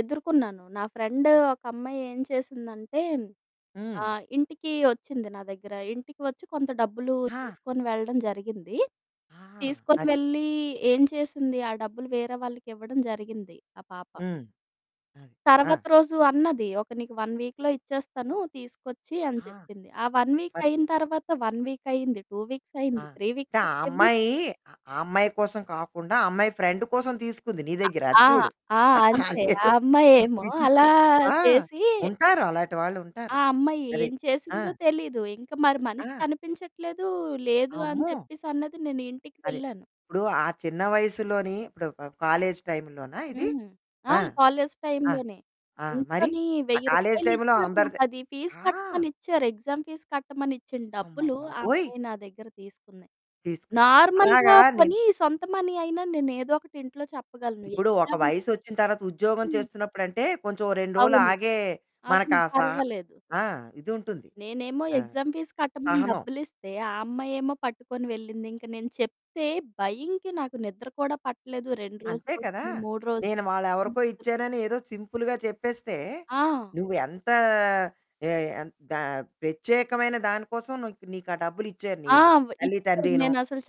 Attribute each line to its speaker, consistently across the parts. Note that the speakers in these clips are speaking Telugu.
Speaker 1: ఎదుర్కొన్నాను. నా ఫ్రెండు ఒక అమ్మాయి ఏం చేసిందంటే,
Speaker 2: హ్మ్.
Speaker 1: ఆహ్, ఇంటికి వచ్చింది నా దగ్గర. ఇంటికి వచ్చి కొంత డబ్బులు
Speaker 2: ఆ!
Speaker 1: తీసుకొని వెళ్ళడం జరిగింది.
Speaker 2: ఆ!
Speaker 1: తీసుకొని
Speaker 2: అది.
Speaker 1: వెళ్ళి ఏం చేసింది? ఆ డబ్బులు వేరే వాళ్ళకివ్వడం జరిగింది ఆ పాప.
Speaker 2: హ్మ్. ఆ! ఆ!
Speaker 1: తరువాత రోజు అన్నది, "ఒక నీకు 1 వీక్‌లో ఇచ్చేస్తాను, తీసుకొచ్చి" అని
Speaker 2: ఆ!
Speaker 1: చెప్పింది. ఆ 1 వీక్
Speaker 2: మరి
Speaker 1: అయిన తరువాత, 1 వీక్ అయ్యింది, 2 వీక్స్
Speaker 2: ఆ!
Speaker 1: అయింది, 3 వీక్స్
Speaker 2: అంటే ఆ
Speaker 1: అయింది
Speaker 2: అమ్మాయి,
Speaker 1: ఇవ్వట్లేదు.
Speaker 2: ఆ అమ్మాయి కోసం కాకుండా ఆ అమ్మాయి ఫ్రెండ్ కోసం తీసుకుంది నీ దగ్గర. అది
Speaker 1: ఆ!
Speaker 2: చూడు.
Speaker 1: ఆ! అంతే ఆ
Speaker 2: అదేదో
Speaker 1: అమ్మాయేమో
Speaker 2: విచిత్రం.
Speaker 1: అలా
Speaker 2: ఆ!
Speaker 1: చేసి
Speaker 2: ఉంటారు, అలాంటి వాళ్ళు ఉంటారు.
Speaker 1: ఆ అమ్మాయి
Speaker 2: అది.
Speaker 1: ఏం
Speaker 2: ఆ!
Speaker 1: చేసిందో తెలీదు. ఇంక మరి మనిషి
Speaker 2: ఆ!
Speaker 1: కనిపించట్లేదు, లేదు అని
Speaker 2: అమ్మో!
Speaker 1: చెప్పేసన్నది. నేను ఇంటికి
Speaker 2: అదే.
Speaker 1: వెళ్ళాను.
Speaker 2: ఇప్పుడు ఆ చిన్న వయసులోనే ఇప్పుడు కాలేజీ టైములోనా ఇది?
Speaker 1: హ్మ్. ఆ!
Speaker 2: ఆ!
Speaker 1: కాలేజీ
Speaker 2: ఆ!
Speaker 1: టైములోనే
Speaker 2: ఆ! మరి
Speaker 1: ఇంట్లోని
Speaker 2: ఆ
Speaker 1: వెయ్యి
Speaker 2: కాలేజీ
Speaker 1: రూపాయలు
Speaker 2: టైములో
Speaker 1: ఇచ్చారు. నాకది
Speaker 2: అందరిది
Speaker 1: అది ఫీజు
Speaker 2: ఆ!
Speaker 1: కట్టమని ఇచ్చారు. ఎగ్జామ్ ఫీజ్ కట్టమని ఇచ్చిన డబ్బులు ఆ
Speaker 2: అమ్మబాబోయ్!
Speaker 1: అమ్మాయి నా దగ్గర తీసుకుంది.
Speaker 2: తీసుకొని అలాగా
Speaker 1: నార్మల్‌గా
Speaker 2: నిన్ను
Speaker 1: పోనీ, సొంత మనీ అయినా నేనేదో ఒకటి ఇంట్లో చెప్పగలను.
Speaker 2: ఇప్పుడు ఒక
Speaker 1: ఎగ్జామ్
Speaker 2: వయసొచ్చిన తర్వాత ఉద్యోగం
Speaker 1: హ్మ్.
Speaker 2: చేస్తున్నప్పుడంటే కొంచెం 2 రోలు
Speaker 1: అవును.
Speaker 2: ఆగే
Speaker 1: అవును,
Speaker 2: మనకా సా
Speaker 1: పర్వాలేదు.
Speaker 2: ఆ! ఇదుంటుంది
Speaker 1: నేనేమో
Speaker 2: ఆహ్,
Speaker 1: ఎగ్జామ్ ఫీజ్ కట్టమని
Speaker 2: సహనం.
Speaker 1: డబ్బులిస్తే, ఆ అమ్మాయేమో పట్టుకొని వెళ్ళింది. ఇంక నేను చెప్తే భయంకి నాకు నిద్ర కూడా పట్టలేదు. 2
Speaker 2: అంతే
Speaker 1: రోజులు
Speaker 2: కదా!
Speaker 1: అవుతుంది. 3 రోజులు
Speaker 2: నేను వాళ్ళెవరికో
Speaker 1: [unintelligible]
Speaker 2: ఇచ్చానని ఏదో సింపుల్‌గా చెప్పేస్తే,
Speaker 1: ఆ!
Speaker 2: నువ్వు ఎంతా ఏ ఎన్ దా ప్రత్యేకమైన దాని కోసం నూక్ నీకు ఆ డబ్బులిచ్చారు నీ
Speaker 1: ఆ! వ్
Speaker 2: తల్లి
Speaker 1: ఇచ్చారు.
Speaker 2: తండ్రినూ.
Speaker 1: నేనసలు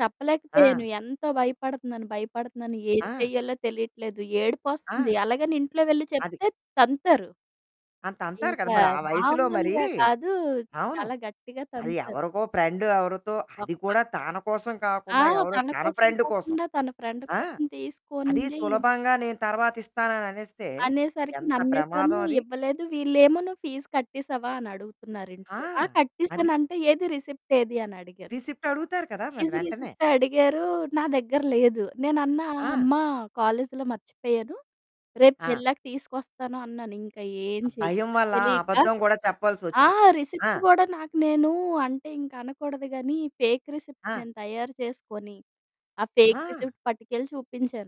Speaker 2: ఆ!
Speaker 1: చెప్పలేకపోయాను. ఎంతో భయపడుతున్నాను, భయపడుతున్నాను. ఏం
Speaker 2: ఆ!
Speaker 1: చెయ్యాలో తెలియట్లేదు. ఏడుపొస్తుంది.
Speaker 2: ఆ!
Speaker 1: అలాగని ఇంట్లో వెళ్లి
Speaker 2: అది.
Speaker 1: చెప్తే తంతారు.
Speaker 2: ఆ! తంతారు కదా!
Speaker 1: ఇంకా
Speaker 2: మరి ఆ వయసులో. మరి
Speaker 1: మామూలుగా కాదు
Speaker 2: అవును,
Speaker 1: చాలా గట్టిగా
Speaker 2: అది
Speaker 1: తంతారు.
Speaker 2: ఎవరికో ఫ్రెండ్. ఎవరితో అది
Speaker 1: ఒక్క
Speaker 2: కూడా తన కోసం
Speaker 1: ఆ!
Speaker 2: కాకుండా ఎవరో
Speaker 1: తన
Speaker 2: తన
Speaker 1: కోసం
Speaker 2: ఫ్రెండ్ కోసం.
Speaker 1: కాకుండా తన ఫ్రెండ్
Speaker 2: ఆ!
Speaker 1: కోసం
Speaker 2: అది
Speaker 1: తీసుకుంది...
Speaker 2: సులభంగా నేను తర్వాత ఇస్తానని అనేస్తే
Speaker 1: అనేసరికి
Speaker 2: ఎంత
Speaker 1: నమ్మేసాను.
Speaker 2: ప్రమాదం అది.
Speaker 1: ఇవ్వలేదు. వీళ్ళేమో, "నువ్వు ఫీజ్ కట్టేసావా?" అని అడుగుతున్నారింట్లో. ఆ!
Speaker 2: ఆ! అది.
Speaker 1: కట్టేసాను అంటే, "ఏది రిసిప్ట్ ఏది?" అని అడిగారు.
Speaker 2: రిసిప్ట్ అడుగుతారు కదా! మరి
Speaker 1: ఫీజ్
Speaker 2: వెంటనే.
Speaker 1: రిసిప్ట్ అడిగారు. నా దగ్గర లేదు. నేనన్నా, ఆ!
Speaker 2: ఆ!
Speaker 1: అమ్మ, కాలేజిలో మర్చిపోయాను. రేపు
Speaker 2: ఆ!
Speaker 1: వెళ్ళాక తీసుకొస్తాను అన్నాను. ఇంకా ఏం
Speaker 2: ఆ భయం
Speaker 1: చెయ్యాలో
Speaker 2: వల్ల
Speaker 1: తెలీక
Speaker 2: అబద్ధం గూడా
Speaker 1: ఆ!
Speaker 2: చెప్పాల్సొచ్చింది. ఆ!
Speaker 1: రిసిప్ట్ గూడా నాకు నేనూ అంటే ఇంక అనకూడదు గానీ, ఫేక్ రిసిప్ట్
Speaker 2: ఆ!
Speaker 1: నేను తయారు చేసుకొని, ఆ ఫేక్
Speaker 2: ఆ!
Speaker 1: రిసిప్ట్ పట్టుకెళ్ళి చూపించాను.